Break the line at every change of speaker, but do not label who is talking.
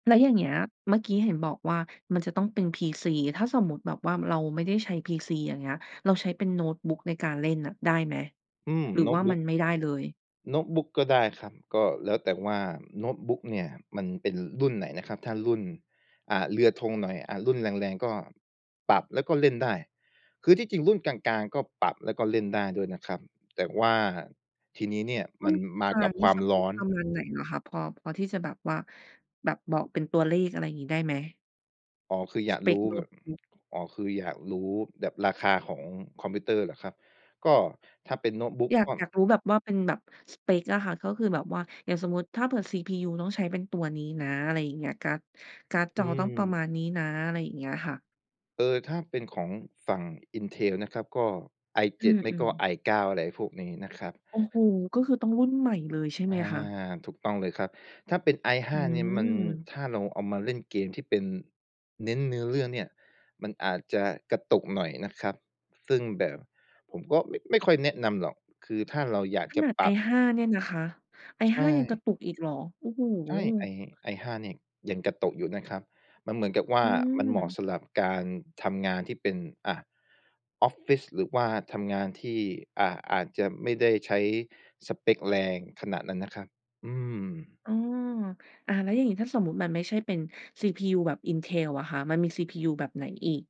แล้วอย่างเงี้ย เมื่อกี้เห็นบอกว่า มันจะต้องเป็น PC ถ้าสมมุติแบบว่าเราไม่ได้ใช้ PC อย่างเงี้ย เราใช้เป็นโน้ตบุ๊กในการเล่นน่ะได้ไหม
อืม
หรื
โ
อ
น้
ว
ต
่า
บุ
มั
๊ก
นไม่ได้เลย?
โน้ตบุ๊กก็ได้ครับ ก็แล้วแต่ว่า โน้ตบุ๊กเนี่ยมันเป็นรุ่นไหนนะครับ ถ้ารุ่น อ่า เรือธงหน่อย อ่า รุ่นแรง ๆ ก็ปรับแล้วก็เล่นได้ คือที่จริงรุ่นกลาง ๆ ก็ปรับแล้วก็เล่นได้ด้วยนะครับ แต่ว่าทีนี้เนี่ย
รุ
ม
่
ั
น
นมา
ค่ะ
กับ
รุ่
ค
น
วา
ส
ม
เป
ร้
ก
อน
คอมแบบไหนเหรอคะ พอ พอที่จะแบบว่า แบบบอกเป็นตัวเลขอะไรอย่างงี้ได้ไหม?
อ๋อ คืออย
ส
าก
เป
รู
ก
้
โน้
แบ
ต
บ
บุ๊ก
อ๋อ คืออยากรู้แบบราคาของคอมพิวเตอร์เหรอครับ? ก็ถ้าเป็นโน้ตบุ๊ก
อยา
ก
ก
็
อยากรู้แบบว่าเป็นแบบสเปกอะค่ะ ก็คือแบบว่า อย่างสมมุติถ้าเผื่อ CPU ต้องใช้เป็นตัวนี้นะ อะไรอย่างเงี้ย การ์ด การ์ด
อ
จ
ื
อต้องประม
ม
าณนี้นะ อะไรอย่างเงี้ยค่ะ
เออ ถ้าเป็นของฝั่ง Intel นะครับก็
อื
i7 ไม่ก
อ
็
ๆ
i9 อะไรพวกนี้นะครับ
โอ้โฮ ก็คือต้องรุ่นใหม่เลยใช่
อ
ไหม
า
คะ?
ถูกต้องเลยครับ ถ้าเป็น i5
อื
เนี่ยมัน
ม
ถ้าเราเอามาเล่นเกมที่เป็น เน้นเนื้อเรื่องเนี่ย มันอาจจะกระตุกหน่อยนะครับ ซึ่งแบบผมก็ไม่ ไม่ค่อยแนะนำหรอก คือถ้าเราอยาก
ข
จะ
นาด
ปรับ
i5 เนี่ยนะคะ
ใช
i5 ยังกร
่
ะตุกอีกเหรอ? โอ้โฮ
ใช่ i i5 เนี่ยยังกระตุกอยู่นะครับ มันเหมือนกับว่
อ
า
ื
มันเหมาะ
ม
สำหรับการทำงานที่เป็น อ่า ออฟฟิศ หรือว่าทำงานที่ อ่า อาจจะไม่ได้ใช้สเปกแรงขนาดนั้นนะครับ อือ
เออ อา แล้วอย่างงี้ถ้าสมมุติมันไม่ใช่เป็น CPU แบบ Intel อะคะ มันมี CPU แบบไหนอีก?